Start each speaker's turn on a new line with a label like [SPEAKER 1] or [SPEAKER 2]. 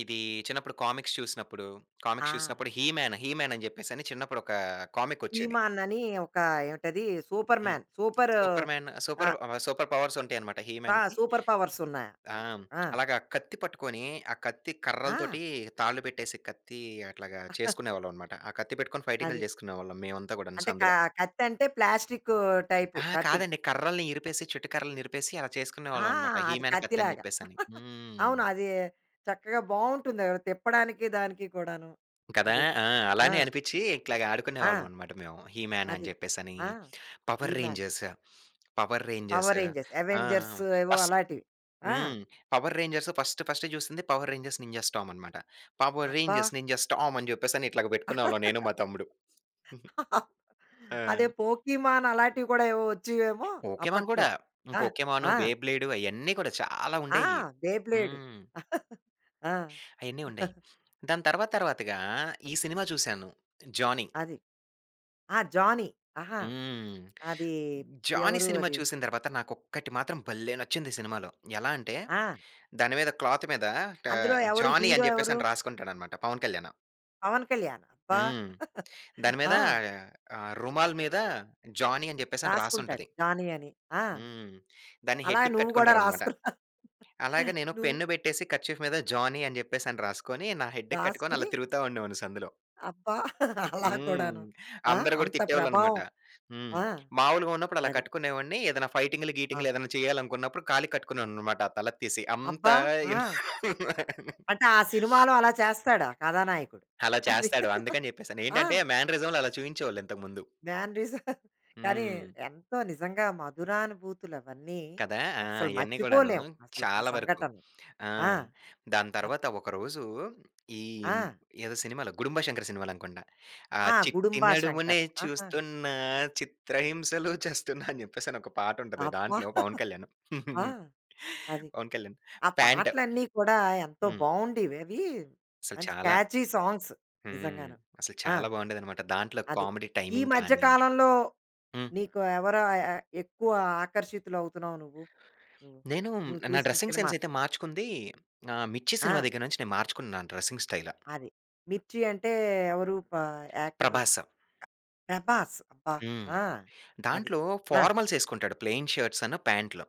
[SPEAKER 1] ఇది చిన్నప్పుడు కామిక్స్ చూసినప్పుడు, కామిక్స్
[SPEAKER 2] ఆ!
[SPEAKER 1] చూసినప్పుడు హిమ్యాన్, హిమ్యాన్ అని చెప్పేసి చిన్నప్పుడు ఒక కామిక్ వచ్చేది.
[SPEAKER 2] హిమానని ఒక ఏంటది
[SPEAKER 1] హ్మ్.
[SPEAKER 2] Superman super
[SPEAKER 1] superman
[SPEAKER 2] uh
[SPEAKER 1] super super powers ఉంటాయన్నమాట
[SPEAKER 2] ఆ!
[SPEAKER 1] హిమ్యాన్‌కి.
[SPEAKER 2] సూపర్ పవర్స్
[SPEAKER 1] ఆ!
[SPEAKER 2] ఉన్నాయనమాట. ఆ!
[SPEAKER 1] అలాగా కత్తి పట్టుకొని, ఆ కత్తి
[SPEAKER 2] ఆ!
[SPEAKER 1] కర్రలతోటి తాళ్ళు పెట్టేసి కత్తి అట్లాగా చేసుకునేవాళ్ళమన్నమాట. ఆ కత్తి పెట్టుకొని ఫైటింగ్‌లు
[SPEAKER 2] అది.
[SPEAKER 1] చేసుకునేవాళ్ళం మేమంతా కూడాను
[SPEAKER 2] అంటే క
[SPEAKER 1] సందులో.
[SPEAKER 2] కత్తంటే ప్లాస్టిక్ టైపు
[SPEAKER 1] ఆహా!
[SPEAKER 2] కత్తులు.
[SPEAKER 1] కాదండి కర్రలని ఇరిపేసి, చెట్టు కర్రలనిరిపేసి అలా
[SPEAKER 2] ఆ!
[SPEAKER 1] చేసుకునేవాళ్ళమన్నమాట
[SPEAKER 2] అది
[SPEAKER 1] హిమ్యాన్
[SPEAKER 2] కత్తి
[SPEAKER 1] కత్తిని
[SPEAKER 2] లాగా
[SPEAKER 1] చెప్పేసని. హ్మ్.
[SPEAKER 2] అవును. అది చక్కగా బావుంటుంది తిప్పడానికి దానికి కూడాను.
[SPEAKER 1] కదా!
[SPEAKER 2] అది
[SPEAKER 1] ఆ!
[SPEAKER 2] ఆ!
[SPEAKER 1] అలానే అనిపిచి ఇట్లాగ
[SPEAKER 2] ఆ!
[SPEAKER 1] ఆడుకునేవాళ్ళమన్నమాట మేము. హిమ్యాన్ అని
[SPEAKER 2] అది
[SPEAKER 1] చెప్పేసని,
[SPEAKER 2] ఆ! ఈ
[SPEAKER 1] power
[SPEAKER 2] man.
[SPEAKER 1] Rangers, power rangers
[SPEAKER 2] power rangers,
[SPEAKER 1] ఆ!
[SPEAKER 2] అవెంజర్స్ ఏవో
[SPEAKER 1] ఫస్
[SPEAKER 2] అలాంటివి. ఆ!
[SPEAKER 1] హ్మ్. పవర్ రేంజర్స్ ఫస్ట్ ఫస్ట్ జూసింది పవర్ రేంజర్స్ నింజాస్ టామన్నమాట. పవర్
[SPEAKER 2] అబ్బా!
[SPEAKER 1] రేంజర్స్, నింజాస్ టామ్ అని చెప్పేసి ఇట్లాగ పెట్టుకునేవాళ్ళం నేను, మా తమ్ముడు. ఆ!
[SPEAKER 2] అదే పోకీమాన్ అలాంటివి కూడా ఏవో వచ్చేవేమో!
[SPEAKER 1] పోకెమన్
[SPEAKER 2] అప్పట్లో
[SPEAKER 1] కూడా
[SPEAKER 2] ఆ!
[SPEAKER 1] పోకెమన్,
[SPEAKER 2] ఆ!
[SPEAKER 1] బే బ్లేడ్ అయన్నీ కూడా చాలా
[SPEAKER 2] ఆ!
[SPEAKER 1] ఉండేయి.
[SPEAKER 2] బె ప్లేడ్
[SPEAKER 1] హ్మ్.
[SPEAKER 2] ఆ!
[SPEAKER 1] అయన్నీ ఉండేయి. దాని తర్వాత తర్వాతగా ఈ సినిమా చూశాను. జానీ.
[SPEAKER 2] అది. ఆ! జానీ ఆహా!
[SPEAKER 1] హ్మ్.
[SPEAKER 2] అది
[SPEAKER 1] జానీ
[SPEAKER 2] ఎవరు
[SPEAKER 1] సినిమా
[SPEAKER 2] అది.
[SPEAKER 1] చూసిన తరువాత నాకు ఒక్కటి మాత్రం భలే నచ్చింది సినిమాలో. ఎలా అంటే
[SPEAKER 2] ఆ!
[SPEAKER 1] దాని మీద క్లాత్ మీద
[SPEAKER 2] అందులో
[SPEAKER 1] ఆహ్,
[SPEAKER 2] ఎవరు
[SPEAKER 1] జానీ
[SPEAKER 2] హీరో
[SPEAKER 1] అని
[SPEAKER 2] ఎవరు?
[SPEAKER 1] చెప్పేసని రాసుకుంటాడనమాట పవన్ కళ్యాణు.
[SPEAKER 2] పవన్ కళ్యాణ్ అబ్బా!
[SPEAKER 1] హ్మ్. దాని మీద
[SPEAKER 2] ఆ!
[SPEAKER 1] ఆహ్, రుమాల్ మీద జానీ అని చెప్పేసి
[SPEAKER 2] రాసుకుంటాడు
[SPEAKER 1] రాసుంటది.
[SPEAKER 2] జానీ అని. ఆ!
[SPEAKER 1] హ్మ్. దాన్ని
[SPEAKER 2] అలా
[SPEAKER 1] హెడ్‌కి
[SPEAKER 2] నువ్వు కూడా
[SPEAKER 1] కట్టుకుంటారనమాట.
[SPEAKER 2] రాసుకున్నా
[SPEAKER 1] అలాగ నేను
[SPEAKER 2] నువ్వు
[SPEAKER 1] పెన్ పెట్టేసి కర్చీఫ్ మీద జానీ అని చెప్పేసని రాసుకొని, నా హెడ్‌కి కట్టుకొని అలా
[SPEAKER 2] రాసుకొని?
[SPEAKER 1] తిరుగుతా ఉండేవాడిని సందులో.
[SPEAKER 2] అబ్బా! అలా
[SPEAKER 1] హ్మ్.
[SPEAKER 2] కూడాను. ఆ!
[SPEAKER 1] అందరు కూడా
[SPEAKER 2] అంత
[SPEAKER 1] తిట్టేవాళ్ళన్నమాట.
[SPEAKER 2] ప్రభావం.
[SPEAKER 1] హ్మ్.
[SPEAKER 2] ఆ!
[SPEAKER 1] మాములుగా ఉన్నపుడు అలా
[SPEAKER 2] అది.
[SPEAKER 1] కట్టుకునేవాడిని ఏదైనా ఫైటింగ్‌లు,
[SPEAKER 2] ఆ!
[SPEAKER 1] గీటింగ్‌లు ఏదైనా చేయాలనుకున్నపుడు కాలికి కట్టుకునేవాడినన్నమాట ఆ తలది తీసి అంతా
[SPEAKER 2] అబ్బా! ఆ! అంటే ఆ సినిమాలో అలా చేస్తాడా కథానాయకుడు?
[SPEAKER 1] అలా
[SPEAKER 2] అది.
[SPEAKER 1] చేస్తాడు అందుకని చెప్పేసని.
[SPEAKER 2] ఆ!
[SPEAKER 1] ఏంటంటే మ్యానరిజం‌లో అలా చూయించేవాళ్ళు ఇంతకు ముందు.
[SPEAKER 2] Mannerism. కానీ
[SPEAKER 1] హ్మ్.
[SPEAKER 2] ఎంతో నిజంగా మధురానుభూతులవన్నీ
[SPEAKER 1] కదా! ఆ!
[SPEAKER 2] అసలు
[SPEAKER 1] ఇయన్నీ కూడాను
[SPEAKER 2] మర్చిపోలేము అసలు ఆ
[SPEAKER 1] చాలా వరకు
[SPEAKER 2] సంఘటన.
[SPEAKER 1] ఆ!
[SPEAKER 2] ఆ!
[SPEAKER 1] దాని
[SPEAKER 2] ఆ!
[SPEAKER 1] తరువాత ఒకరోజు ఈ
[SPEAKER 2] ఆ!
[SPEAKER 1] ఎదో సినిమాలో గుడుంబా శంకర్ సినిమాలు అనుకుంటా. ఆ
[SPEAKER 2] ఆ!
[SPEAKER 1] చిట్టి
[SPEAKER 2] గుడుంబా
[SPEAKER 1] నడుమునే
[SPEAKER 2] శంకర్. ఆహా!
[SPEAKER 1] చూస్తున్న చిత్రహింసలు చస్తున్నా అని చెప్పేసని ఒక పాటుంటది
[SPEAKER 2] అబ్బా!
[SPEAKER 1] దాంట్లో పవన్ కళ్యాణ్
[SPEAKER 2] ఆ! అది.
[SPEAKER 1] పవన్ కళ్యాణ్
[SPEAKER 2] ఆ
[SPEAKER 1] ప్యాంట్
[SPEAKER 2] పాటలన్నీ కూడా ఎంతో
[SPEAKER 1] హ్మ్.
[SPEAKER 2] బావుండేవి అవి
[SPEAKER 1] అసలు
[SPEAKER 2] మంచి
[SPEAKER 1] చాలా
[SPEAKER 2] క్యాచీ సాంగ్స్
[SPEAKER 1] హ్మ్.
[SPEAKER 2] నిజంగాను.
[SPEAKER 1] అసలు
[SPEAKER 2] ఆ!
[SPEAKER 1] చాలా బావుండేదన్నమాట. దాంట్లో
[SPEAKER 2] అది
[SPEAKER 1] కామెడీ
[SPEAKER 2] ఈ
[SPEAKER 1] టైమింగ్
[SPEAKER 2] మధ్య
[SPEAKER 1] కాని
[SPEAKER 2] కాలంలో
[SPEAKER 1] హ్మ్.
[SPEAKER 2] నీకు ఎవరు ఎ ఎ ఎక్కువ ఆకర్షితులవుతున్నావు నువ్వు? నువ్వు
[SPEAKER 1] నేను
[SPEAKER 2] నువ్వు
[SPEAKER 1] నా
[SPEAKER 2] చూసిన
[SPEAKER 1] డ్రెసింగ్
[SPEAKER 2] సినిమా.
[SPEAKER 1] సెన్స్ అయితే మార్చుకుంది ఆహ్, మిర్చి సినిమా
[SPEAKER 2] ఆ!
[SPEAKER 1] దగ్గర నుంచి నేను మార్చుకున్నా నా డ్రెసింగ్ స్టైలా.
[SPEAKER 2] అది. మిర్చి అంటే ఎవరు ప యాక్టరు.
[SPEAKER 1] ప్రభాస్
[SPEAKER 2] ప్రభాస్ అబ్బా!
[SPEAKER 1] హ్మ్.
[SPEAKER 2] ఆ! అది.
[SPEAKER 1] దాంట్లో
[SPEAKER 2] ఆ!
[SPEAKER 1] ఫార్మల్సేసుకుంటాడు. ప్లెయిన్ షర్ట్సన్న ప్యాంటులు.